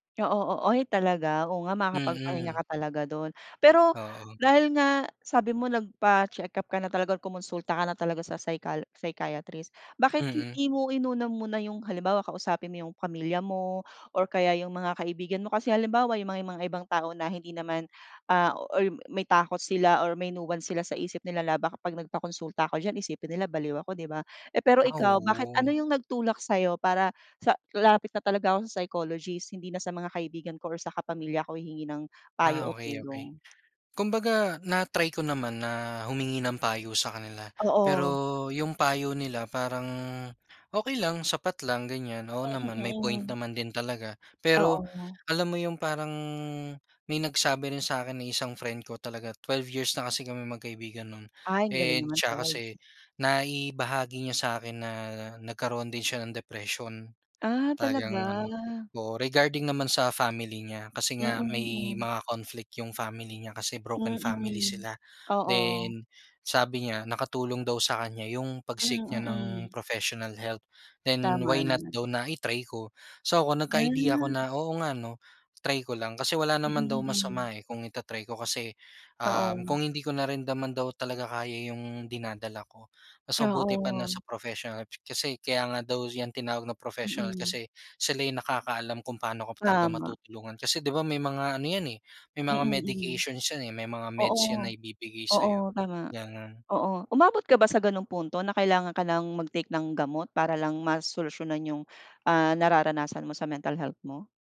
Oo, oo. Oy, talaga, oo nga makakapagpahinga Mhm. ka talaga do'n. Pero Oo. dahil nga sabi mo nagpacheck-up ka na talaga, kumunsulta ka na talaga sa psychal psychiatrist. Bakit Mm. hindi mo inuna muna yung halimbawa kausapin mo yung pamilya mo or kaya yung mga kaibigan mo. Kasi halimbawa, yung mga mga ibang tao na hindi naman, ah or may takot sila or may nuance sila sa isip nila na, "Baka pag nagpakonsulta ako diyan isipin nila baliw ako" 'di ba. Eh, pero Ah, ikaw, bakit ano oo. yung nagtulak sa'yo para sa lalapit na talaga ako sa psychologist hindi na sa mga kaibigan ko or sa kapamilya ko hihingi ng payo Ah o ,okey, okey. tulong. Kumbaga na-try ko naman na humingi ng payo sa kanila. Pero Oo. yung payo nila parang okey lang, sapat lang, ganyan. Oo Mm, naman, may point mm, hmm. naman din talaga. Pero Oo. alam mo yung parang may nagsabi rin sa'kin na isang friend ko talaga, 12 years na kasi kaming magkaibigan no'n Ay, ang galing and naman 'tsaka kasi prize. naibahagi niya sa akin na nagkaroon din siya ng depression. Ah, Talagang talaga? ano oo, regarding naman sa family niya kasi Mm, nga may mm. mga conflict yung family niya, kasi broken family Mm, sila. oo. Then, sabi niya nakatulong daw sa kanya yung Hmm, pag-seek nya ng mm. professional help. Then Tama why not naman. daw na i-try ko. So ako nagka-idea ako Ah. na, "Oo nga 'no, try ko lang." Kasi wala naman daw Mm, mm. masama, eh, kung i-ta-try ko kasi, um, Oo. kung hindi ko narin naman daw talaga kaya yung dinadala ko, mas mabuti pa na Oo. sa professional. Kasi kaya nga daw yan tinawag na professional, Mm. kasi sila yung nakakaalam kung paano ka talaga Tama. matutulungan. Kasi 'di ba may mga ano yan, eh, may Mm, mga mm. medications yan eh, may mga meds yan na Oo, ibibigay oo, sa'yo, tama, gano'n. oo. Umabot ka ba sa ganong punto, na kailangan ka nang mag-take ng gamot para lang ma-solusyunan yung, ah, nararanasan mo sa mental health mo?